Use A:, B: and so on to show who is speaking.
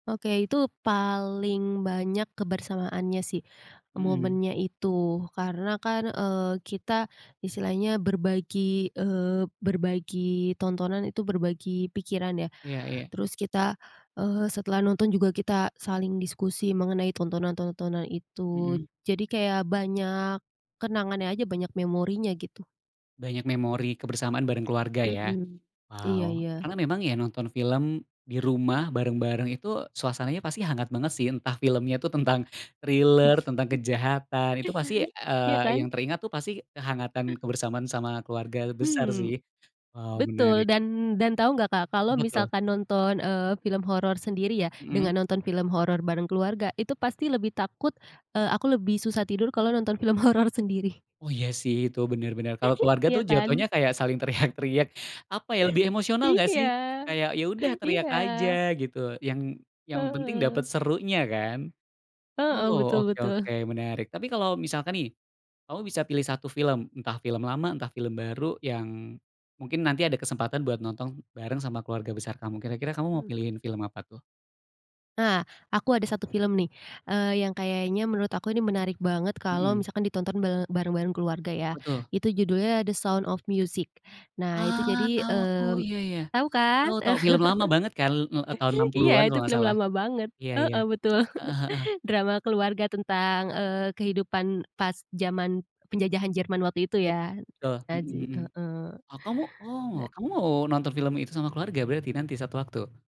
A: Oke itu paling banyak kebersamaannya sih,
B: Mhm.
A: momennya itu karena kan, eee, kita istilahnya berbagi, eee, berbagi tontonan itu berbagi pikiran ya,
B: Iya iya.
A: terus kita, eee, setelah nonton juga kita saling diskusi mengenai tontonan-tontonan itu
B: Mhm.
A: jadi kayak banyak, kenangannya aja banyak memorinya gitu.
B: Banyak memori kebersamaan bareng keluarga ya,
A: Mhm, iya
B: waw
A: iya.
B: karena memang ya nonton film, di rumah bareng-bareng itu suasananya pasti hangat banget sih entah filmnya itu tentang thrille tentang kejahatan itu pasti,
A: Iya
B: eee, yang
A: kan?
B: teringat tuh pasti kehangatan, kebersamaan sama keluarga besar
A: Mmm,
B: sih, waw
A: betul
B: menarik.
A: dan dan tahu nggak Kak kalau
B: Betul.
A: misalkan nonton, eee, film horor sendiri ya
B: Mhm.
A: dengan nonton film horor bareng keluarga itu pasti lebih takut, eee, aku lebih susah tidur kalau nonton film horor sendiri.
B: Oh iya sih itu bener bener kalo keluarga
A: Iya
B: tuh jatuhnya
A: kan.
B: kayak saling teriak-teriak apa ya lebih emosional gak
A: Iya,
B: sih. Kayak ya udah teriak
A: iya.
B: aja gitu yang yang penting dapet
A: Heeh.
B: serunya kan.
A: Heeh,
B: Oh
A: betul
B: oke oke
A: betul.
B: menarik tapi kalo misalkan nih, kamu bisa pilih 1 film entah film lama entah film baru yang, mungkin nanti ada kesempatan buat nonton bareng sama keluarga besar kamu kira-kira kamu mau
A: Mmm.
B: pilihin film apa tuh?
A: Ah, aku ada 1 film nih, eee, yang kayaknya menurut aku ini menarik banget kalau
B: Mhm.
A: misalkan ditonton ba bareng-bareng keluarga ya,
B: Apa tuh?
A: itu judulnya The Sound of Music, nah itu
B: Ah,
A: jadi,
B: tahu aku!
A: mmm,
B: Iya iya,
A: tahu
B: itu
A: kan?
B: tau film lama banget kan, eee, tahun enam
A: Iya
B: puluhan kalo
A: itu
B: gak
A: film
B: salah,
A: lama banget,
B: iya iya,
A: heeh, betul
B: heeh heeh.
A: drama keluarga tentang, eee, kehidupan pas zaman penjajahan Jerman waktu itu ya,
B: Iya betul, mhm
A: Nazi,
B: mhm,
A: heeh,
B: ah, kamu oh
A: da
B: kamu mau nonton film itu sama keluarga berarti nanti suatu waktu?